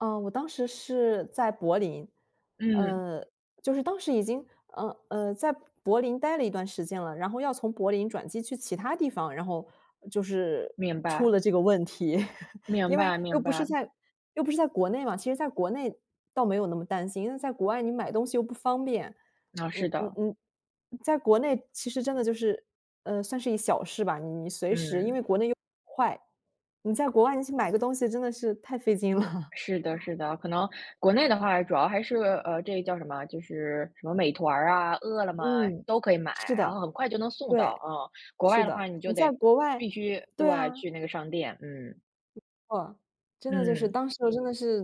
嗯，我当时是在柏林，嗯。呃，就是当时已经，嗯，呃，在柏林待了一段时间了，然后要从柏林转机去其它地方，然后就是明出白。了这个问题。明因为白又明不是白。在又不是在国内嘛，其实在国内倒没有那么担心，因为在国外你买东西又不方便。啊，嗯是嗯的。嗯，在国内其实真的就是，呃，算是一小事吧，你你随时，因为嗯。国内又快。你在国外去买个东西，真的是太费劲了。是的 是的，可能国内的话主要还是，呃，这个叫什么，就是什么美团啊，饿了么，嗯，都可以买，是然的。后很快就能送到，对，嗯，国是外的话的。你你就在得国外必须对对，啊。去那个商店，嗯。没错，真的就是嗯。当时我真的是，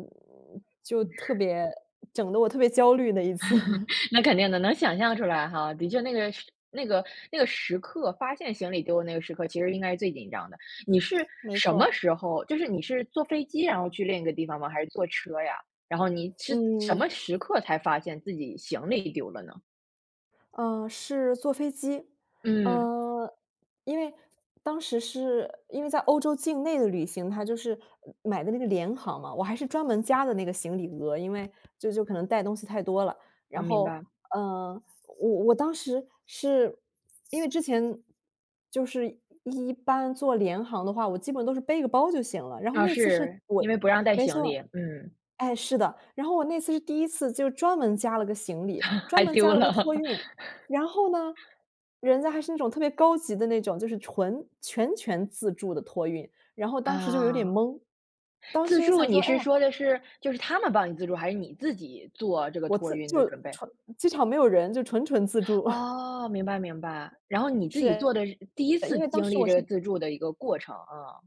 就嗯。特别整得我特别焦虑的一次。那肯定的，能想象出来哈。的确那个时那个那个时刻，发现行李丢了那个时刻，其实应该是最紧张的。你是没什么错。时候，就是你是坐飞机，然后去另一个地方吗？还是坐车呀？然后你是什么嗯。时刻才发现自己行李丢了呢？嗯，是坐飞机，嗯。呃，因为当时是因为在欧洲境内的旅行，它就是买的那个廉航嘛，我还是专门加的那个行李额，因为这就可能带东西太多了。呃，然明后，白。呃，我我当时是因为之前就是一般坐廉航的话，我基本都是背个包就行了，然后啊，那次是是，我因为不让带没行李，错。嗯。哎，是的，然后我那次是第一次就专门加了个行李，专还门加丢了个了。托运，然后呢，人家还是那种特别高级的那种，就是纯全权自助的托运，然后当时就有点嗯。懵。当自时也助，想你说，哎是呀。说的是就是他们帮你自助，还是你自己做这个我托自运就的准备？纯机场没有人，就纯纯自助。哦，明白明白，然后你自己做是，的第一次因为当经时历我这个是自助的一个过程，啊。